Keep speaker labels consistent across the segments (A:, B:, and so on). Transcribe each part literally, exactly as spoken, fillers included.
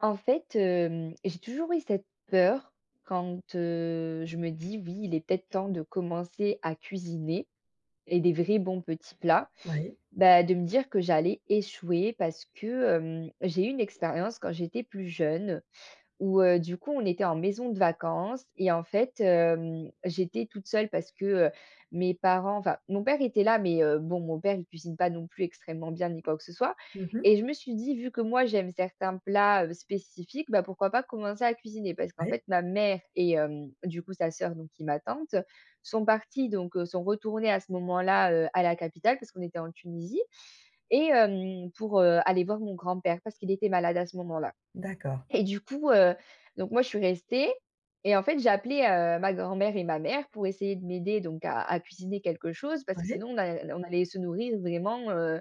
A: En fait, hem, j'ai toujours eu cette peur quand, heu, je me dis: «Oui, il est peut-être temps de commencer à cuisiner et des vrais bons petits plats»,
B: Oui.
A: bah, de me dire que j'allais échouer parce que, hem, j'ai eu une expérience quand j'étais plus jeune où, heu, du coup on était en maison de vacances et en fait, hem, j'étais toute seule parce que, heu, mes parents enfin mon père était là, mais, heu, bon, mon père il cuisine pas non plus extrêmement bien ni quoi que ce soit
B: Mmh mh.
A: et je me suis dit: «Vu que moi j'aime certains plats, heu, spécifiques, bah, pourquoi pas commencer à cuisiner?» parce qu'en
B: Oui.
A: fait ma mère et hem, du coup sa sœur donc qui est ma tante, sont parties donc, heu, sont retournées à ce moment-là, heu, à la capitale parce qu'on était en Tunisie et hem, pour, heu, aller voir mon grand-père parce qu'il était malade à ce moment-là
B: D'accord.
A: et du coup, heu, donc moi je suis restée et en fait, j'ai appelé, heu, ma grand-mère et ma mère pour essayer de m'aider donc à à cuisiner quelque chose parce que
B: Oui.
A: sinon on a n on allait se nourrir vraiment, heu,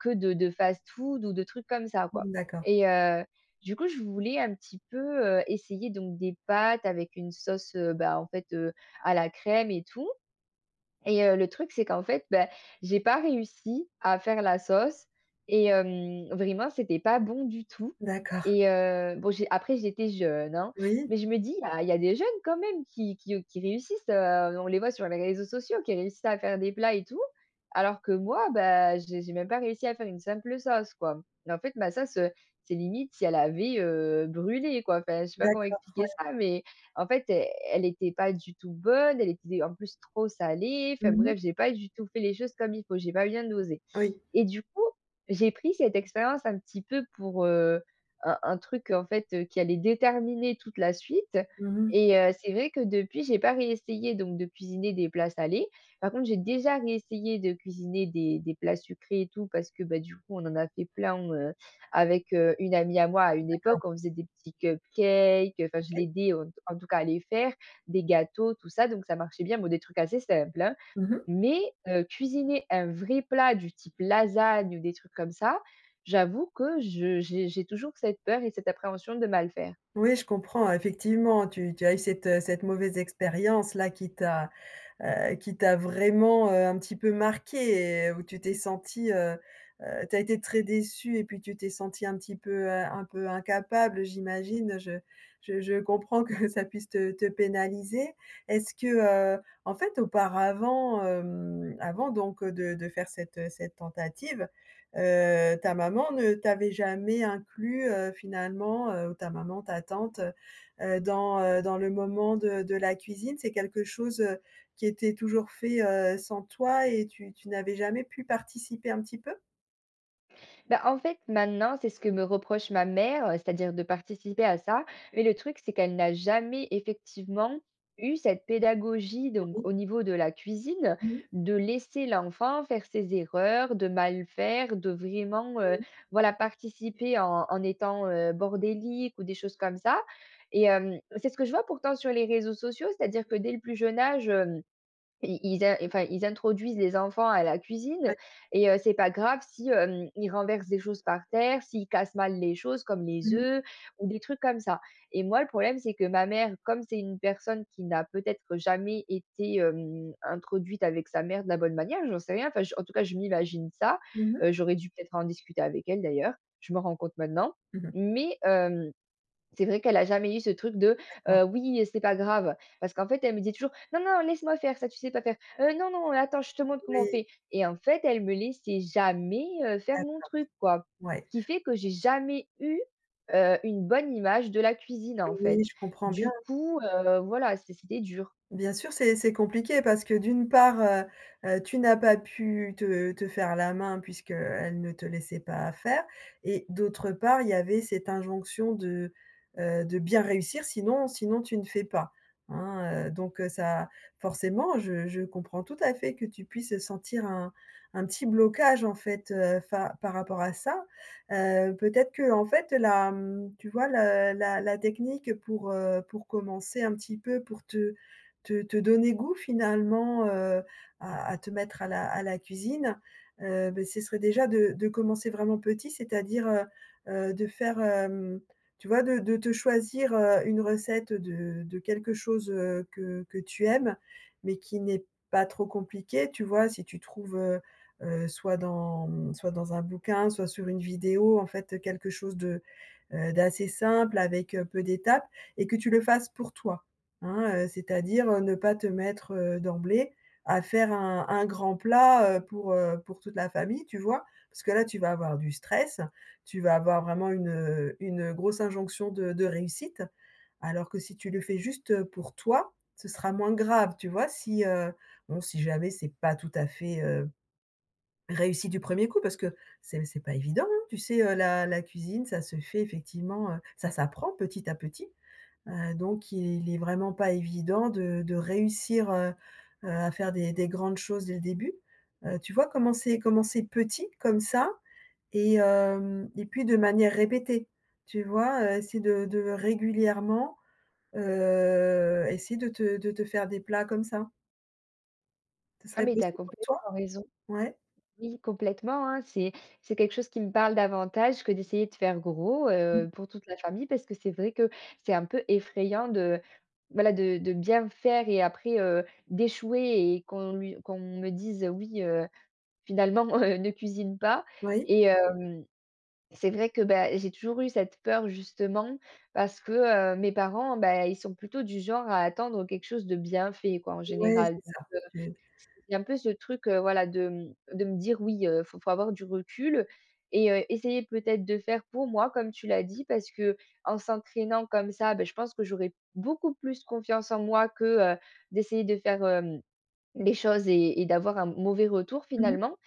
A: que de de fast-food ou de trucs comme ça quoi
B: Mmh, d'accord.
A: et heu, du coup, je voulais un petit peu, heu, essayer donc des pâtes avec une sauce, heu, ben en fait, heu, à la crème et tout et heu, le truc c'est qu'en fait, bah, j'ai pas réussi à faire la sauce et hem, vraiment c'était pas bon du tout
B: D'accord.
A: et heu, bon j'ai après j'étais jeune hein
B: Oui.
A: mais je me dis: «Ah, il y a des jeunes quand même qui qui, heu, qui réussissent, heu, on les voit sur les réseaux sociaux qui réussissent à faire des plats et tout». Alors que moi, bah, j'ai j'ai même pas réussi à faire une simple sauce quoi mais en fait ma sauce, heu, c'est limite si elle avait, heu, brûlé quoi. Enfin, je sais pas comment
B: D'accord,
A: expliquer
B: ouais.
A: ça, mais en fait, e elle était pas du tout bonne. Elle était en plus trop salée. Enfin
B: Mmh mh.
A: bref, j'ai pas du tout fait les choses comme il faut. J'ai pas bien dosé
B: Oui.
A: et du coup, j'ai pris cette expérience un petit peu pour, heu, un un truc en fait, heu, qui allait déterminer toute la suite
B: Mmh mh.
A: et heu, c'est vrai que depuis, j'ai pas réessayé donc de cuisiner des plats salés. Par contre, j'ai déjà réessayé de cuisiner des des plats sucrés et tout parce que, bah, du coup, on en a fait plein, heu, avec, heu, une amie à moi à une
B: D'accord.
A: époque, on faisait des petits cupcakes. Enfin je
B: Oui.
A: l'aidais, heu, t en tout cas à les faire, des gâteaux tout ça donc ça marchait bien, bon des trucs assez simples, hein
B: Mmh mh.
A: mais, heu, cuisiner un vrai plat du type lasagnes ou des trucs comme ça. J'avoue que je j'ai j'ai toujours cette peur et cette appréhension de mal faire.
B: Oui, je comprends, effectivement, tu tu as eu cette, heu, cette mauvaise expérience là qui t'a, heu, qui t'a vraiment, heu, un petit peu marquée et où tu t'es sentie, heu, heu tu as été très déçue et puis tu t'es sentie un petit peu, heu, un peu incapable, heu, j'imagine je je je comprends que ça puisse te te pénaliser. Est-ce que heu, en fait auparavant, hem, avant donc, heu, de de faire cette, heu, cette tentative, heu, ta maman ne t'avait jamais inclus, heu, finalement, heu, ou ta maman, ta tante, heu, heu, dans, heu, dans le moment de de la cuisine? C'est quelque chose, heu, qui était toujours fait, heu, sans toi et tu tu n'avais jamais pu participer un petit peu?
A: Bah en fait, maintenant, c'est ce que me reproche ma mère, heu, c'est-à-dire de participer à ça. Mais le truc c'est qu'elle n'a jamais, effectivement, eu cette pédagogie, donc
B: [unintelligible]
A: au niveau de la cuisine,
B: Mmh.
A: de laisser l'enfant faire ses erreurs, de mal faire, de vraiment, heu,
B: Mmh.
A: voilà, participer en en étant, heu, bordélique ou des choses comme ça. Et hem, c'est ce que je vois pourtant sur les réseaux sociaux, c'est-à-dire que dès le plus jeune âge hem, ils ils in enfin, ils introduisent les enfants à la cuisine
B: [unintelligible]
A: et heu, c'est pas grave si, hem, ils renversent des choses par terre, s'ils cassent mal les choses, comme les
B: Mmh mh.
A: œufs ou des trucs comme ça. Et moi le problème c'est que ma mère, comme c'est une personne qui n'a peut-être jamais été, hem, introduite avec sa mère de la bonne manière, j'en sais rien, enfin j en tout cas, je m'imagine ça-
B: Mmh mh.
A: heu, j'aurais dû peut-être en discuter avec elle d'ailleurs, je m'en rends compte maintenant-
B: Mmh mh.
A: mais, hem, c'est vrai qu'elle a jamais eu ce truc de:
B: D'accord.
A: «Heu, oui c'est pas grave». Parce qu'en fait elle me disait toujours: «Non, non laisse-moi faire ça, tu sais pas faire. Heu, non, non attends, je te montre comment on
B: Oui.
A: fait». Et en fait, elle me laissait jamais, heu, faire mon
B: D'accord.
A: truc, quoi.
B: Ouais.
A: Ce qui fait que j'ai jamais eu, heu, une bonne image de la cuisine, en
B: Oui,
A: fait.
B: je comprends bien.
A: Du coup, heu, voilà, c'est c'était dur.
B: Bien sûr, c'est c'est compliqué parce que d'une part, heu heu, tu n'as pas pu te te faire la main puisqu'elle ne te laissait pas faire et d'autre part, il y avait cette injonction de, heu, de bien réussir, sinon sinon tu ne fais pas, hein. Heu, donc, heu, ça forcément, je je comprends tout à fait que tu puisses sentir un un petit blocage, en fait, heu, fa par rapport à ça. Heu, peut-être qu'en fait la, mmh, tu vois le la la technique pour, heu, pour commencer un petit peu pour te te te donner goût, finalement, heu, à à te mettre à la à la cuisine. Heu, beh, ce serait déjà de de commencer vraiment petit. C'est-à-dire, heu heu, de faire hem, tu vois de de te choisir, heu, une recette de de quelque chose, heu, que que tu aimes mais qui n'est pas trop compliqué, tu vois? Si tu trouves, heu heu, soit dans mmh, soit dans un bouquin, soit sur une vidéo, en fait, quelque chose de heu, d'assez simple avec, heu, peu d'étapes. Et que tu le fasses pour toi. Hein, heu, c'est-à-dire, heu, ne pas te mettre, heu, d'emblée à faire un un grand plat, heu, pour, heu, pour toute la famille, tu vois? Parce que là tu vas avoir du stress, tu vas avoir vraiment une, heu, une grosse injonction de de réussite. Alors que si tu le fais juste, heu, pour toi, ce sera moins grave, tu vois? Si heu, bon, si jamais c'est pas tout à fait, heu, réussi du premier coup parce que, c'est p c'est pas évident, hein. Tu sais, heu, la la cuisine, ça se fait effectivement heu, ça s'apprend petit à petit. Heu, donc il est vraiment pas évident de de réussir, heu heu à faire des des grandes choses dès le début. Heu, tu vois, commencer commencer petit comme ça et hem et puis de manière répétée. Tu vois, heu, essayer de de régulièrement, heu, essayer de te de te faire des plats comme ça. Ça
A: Ah
B: serait
A: mais tu as
B: possible pour toi?
A: complètement raison.
B: Ouais?
A: Oui, complètement, hein, c'est c'est quelque chose qui me parle davantage que d'essayer de faire gros,
B: Mmh.
A: heu, pour toute la famille. Parce que c'est vrai que c'est un peu effrayant de, voilà de de bien faire et après, heu, d'échouer et qu'on lui qu'on me dise, heu: «Oui heu, finalement, heu, ne cuisine pas»,
B: Oui.
A: et hem, c'est vrai que, bah, j'ai toujours eu cette peur, justement, parce que, heu, mes parents, beh, ils sont plutôt du genre à attendre, heu, quelque chose de bien fait, quoi, en
B: Ouais,
A: général.
B: c'est
A: Donc,
B: ça. Tu
A: heu, c'est un peu ce truc, heu, voilà de, mmh, de me dire: «Oui, heu, faut faut avoir du recul» et heu, essayer peut-être de faire pour moi comme tu l'as dit, parce qu'en s'entraînant comme ça, beh, je pense que j'aurais beaucoup plus confiance en moi que, heu, d'essayer de faire, hem, les choses et et d'avoir un m mauvais retour,
B: Mmh mh.
A: finalement,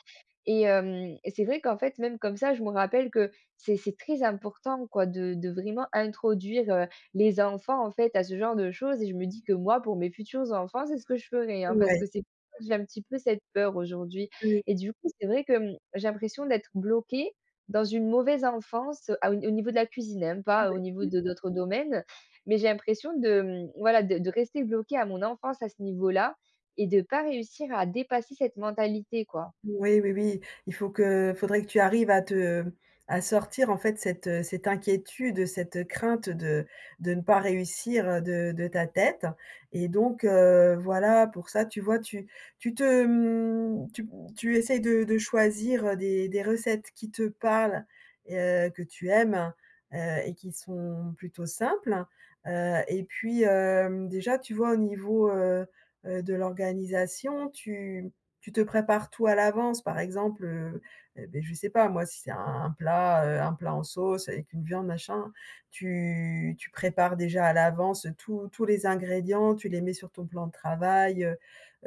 A: et hem et c'est vrai qu'en fait, même comme ça, je me rappelle que c'est c'est très important quoi de de vraiment introduire, heu, les enfants en fait à ce genre de choses et je me dis que moi, pour mes futurs enfants, c'est ce que je ferai, hein. Parce
B: Ouais.
A: que c'est, [unintelligible] j'ai un petit peu cette peur aujourd'hui
B: Heu
A: et du coup, c'est vrai que, mmh, j'ai l'impression d'être bloquée dans une mauvaise enfance à au n au niveau de la cuisine, hein,
B: Ouais
A: pas au niveau
B: mmh.
A: de d'autres domaines. Mais j'ai l'impression de, mmh voilà, de de rester bloquée à mon enfance à ce niveau-là et de pas réussir à dépasser cette mentalité, quoi.
B: Ouais, oui, oui. Il faut que il faudrait que tu arrives à te à sortir, en fait, cette, heu, cette inquiétude, heu, cette crainte, heu, de de ne pas réussir, heu, de de ta tête, et donc, heu, voilà, pour ça, tu vois, tu tu te mmh, tu m tu essaies de de choisir, heu, des des recettes qui te parlent et heu, que tu aimes, heu et qui sont plutôt simples. Heu et puis, hem, déjà tu vois au niveau, heu, heu, de l'organisation, tu mmh, tu te prépares tout à l'avance. Par exemple, heu, eh beh, je sais pas, moi, si c'est un un plat, heu, un plat en sauce avec une viande machin, tu tu prépares déjà à l'avance tous tous les ingrédients, tu les mets sur ton plan de travail, heu,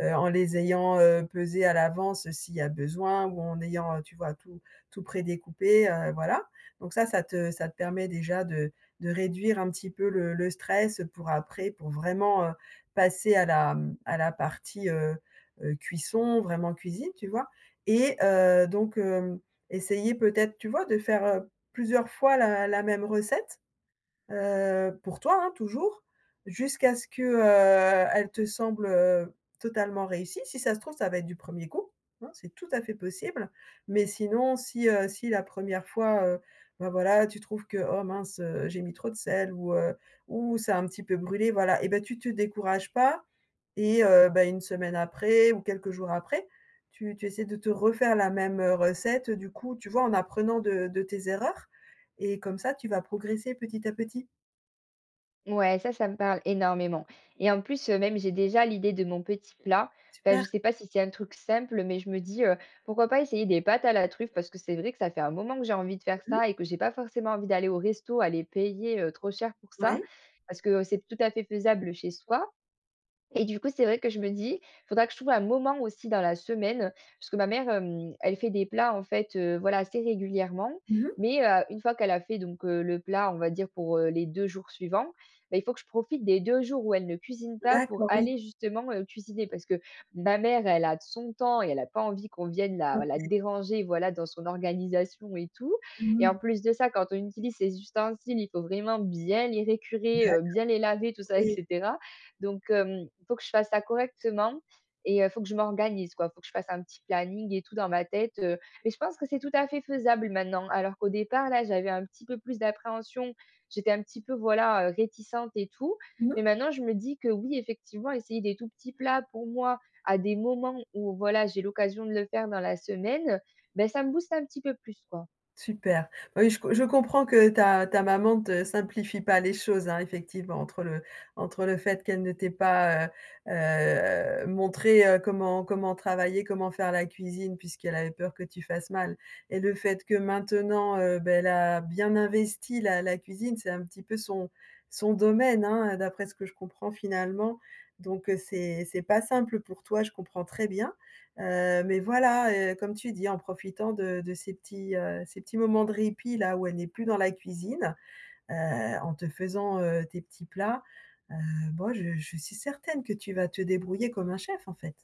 B: heu, en les ayant, heu, pesés à l'avance s'il y a besoin ou en ayant, heu, tu vois, tout tout prédécoupé, heu, voilà. Donc ça ça te ça te permet déjà de de réduire un petit peu le le stress, heu, pour après pour vraiment, heu, passer à la, mmh, à la partie, heu, heu, cuisson, vraiment cuisine, tu vois? Et heu, donc, hem, essayer peut-être, tu vois, de faire, heu, plusieurs fois la la même recette, heu- pour toi, hein, toujours- jusqu'à ce que, heu, elle te semble, heu, totalement réussie. Si ça se trouve, ça va être du premier coup, hein, c'est tout à fait possible. Mais sinon, si, heu, si la première fois, heu, bah, voilà, tu trouves que: «Oh mince, heu, j'ai mis trop de sel», ou, heu: «Ouh, ça a un petit peu brûlé», voilà et bah, tu te décourages pas et heu, bah, une semaine après ou quelques jours après, tu tu essaies de te refaire la même, heu, recette, heu, du coup, tu vois en apprenant de de tes erreurs et comme ça tu vas progresser petit à petit.
A: Ouais, ça, ça me parle énormément, et en plus, heu, même, j'ai déjà l'idée de mon petit plat. Enfin, je
B: Super!
A: sais pas si c'est un truc simple, mais je me dis, heu: «Pourquoi pas essayer des pâtes à la truffe?» Parce que c'est vrai, que ça fait un moment que j'ai envie de faire ça et que j'ai pas forcément envie d'aller au resto, aller payer, heu, trop cher pour ça.
B: Ouais.
A: Parce que, heu, c'est tout à fait faisable chez soi, et du coup, c'est vrai que je me dis: «Il faudra que je trouve un moment aussi dans la semaine», parce que ma mère, hem, elle fait des plats, en fait, heu, voilà assez régulièrement,
B: Mmh mh.
A: mais, heu, une fois qu'elle a fait donc, heu, le plat, on va dire pour, heu, les deux jours suivants, bah, il faut que je profite des deux jours où elle ne cuisine pas, pour
B: D'accord, oui.
A: aller justement, heu, cuisiner. Parce que ma mère, elle a d son temps et elle a pas envie qu'on vienne la la
B: OK.
A: déranger, voilà, dans son organisation, et tout,
B: Mmh
A: et
B: mh.
A: en plus de ça, quand on utilise ses ustensiles, il faut vraiment bien les récurer,
B: D'accord.
A: heu, bien les laver, tout ça, et
B: Oui.
A: cetera, donc, hem, il faut que je fasse ça correctement, et heu, il faut que je m'organise, quoi. Faut que je fasse un petit planning et tout dans ma tête, heu, et je pense que c'est tout à fait faisable maintenant, alors qu'au départ, là, j'avais un petit peu plus d'appréhension. J'étais un petit peu, voilà, heu, réticente et tout,
B: Mmh
A: mais
B: mh.
A: maintenant, je me dis que: «Oui, effectivement, essayer des tout petits plats, pour moi, à des moments où, voilà, j'ai l'occasion de le faire dans la semaine», ben, ça me booste un petit peu plus, quoi.
B: Super. Oui, je co je comprends que ta ta maman te simplifie pas les choses, hein, effectivement entre le entre le fait qu'elle ne t'ait pas, heu heu, montré, heu, comment comment travailler, comment faire la cuisine puisqu'elle avait peur que tu fasses mal et le fait que maintenant, heu, beh elle a bien investi la la cuisine, c'est un petit peu son son domaine, hein, heu, d'après ce que je comprends, finalement, donc, heu, c'est c'est pas simple pour toi, je comprends très bien, heu, mais voilà, heu, comme tu dis en profitant de de ces petits, heu, ces petits moments de répit, là, où elle n'est plus dans la cuisine, heu, en te faisant, heu, tes petits plats, heu, moi, je je suis certaine que tu vas te débrouiller comme un chef, en fait.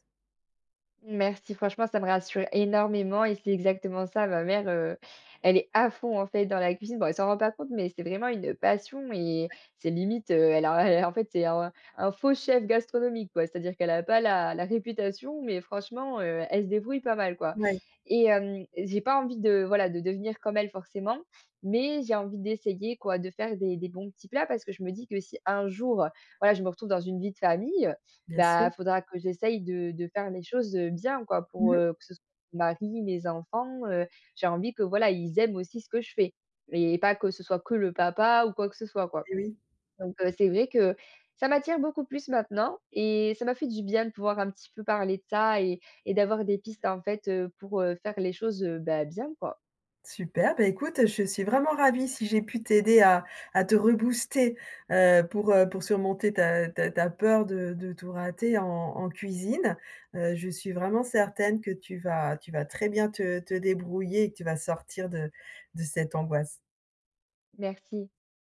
A: Merci, franchement, ça me rassure énormément et c'est exactement ça, ma mère, heu, elle est à fond, en fait, dans la cuisine. Bon, elle s'en rend pas compte, mais c'est vraiment une passion et
B: Ouais.
A: c'est limite, heu, elle a et en fait, c'est un un faux chef gastronomique, quoi. C'est-à-dire qu'elle a pas la la réputation, mais franchement, heu, elle se débrouille pas mal, quoi
B: Mouais.
A: et hem, j'ai pas envie de voilà, de devenir comme elle forcément, mais j'ai envie d'essayer quoi, de faire des des bons petits plats parce que je me dis que si un jour, voilà, je me retrouve dans une vie de famille,
B: Bien
A: bah
B: sûr.
A: faudra que j'essaye de de faire les choses, heu, bien, quoi,
B: Mmh
A: pour,
B: mh.
A: heu, que ce soit mon mari, mes enfants, heu, j'ai envie que, voilà, ils aiment aussi ce que je fais et pas que ce soit que le papa ou quoi que ce soit, quoi.
B: Eh oui.
A: Donc, heu, c'est vrai que ça m'attire beaucoup plus maintenant et ça m'a fait du bien de pouvoir un petit peu parler de ça et et d'avoir des pistes en fait, heu, pour, heu, faire les choses, heu, bah bien, quoi.
B: Super, bah écoute, je suis vraiment ravie si j'ai pu t'aider à à te rebooster, heu, pour, heu, pour surmonter ta ta ta peur de de tout rater en en cuisine, heu, je suis vraiment certaine que tu vas tu vas très bien te te débrouiller et que tu vas sortir de de cette angoisse.
A: Merci.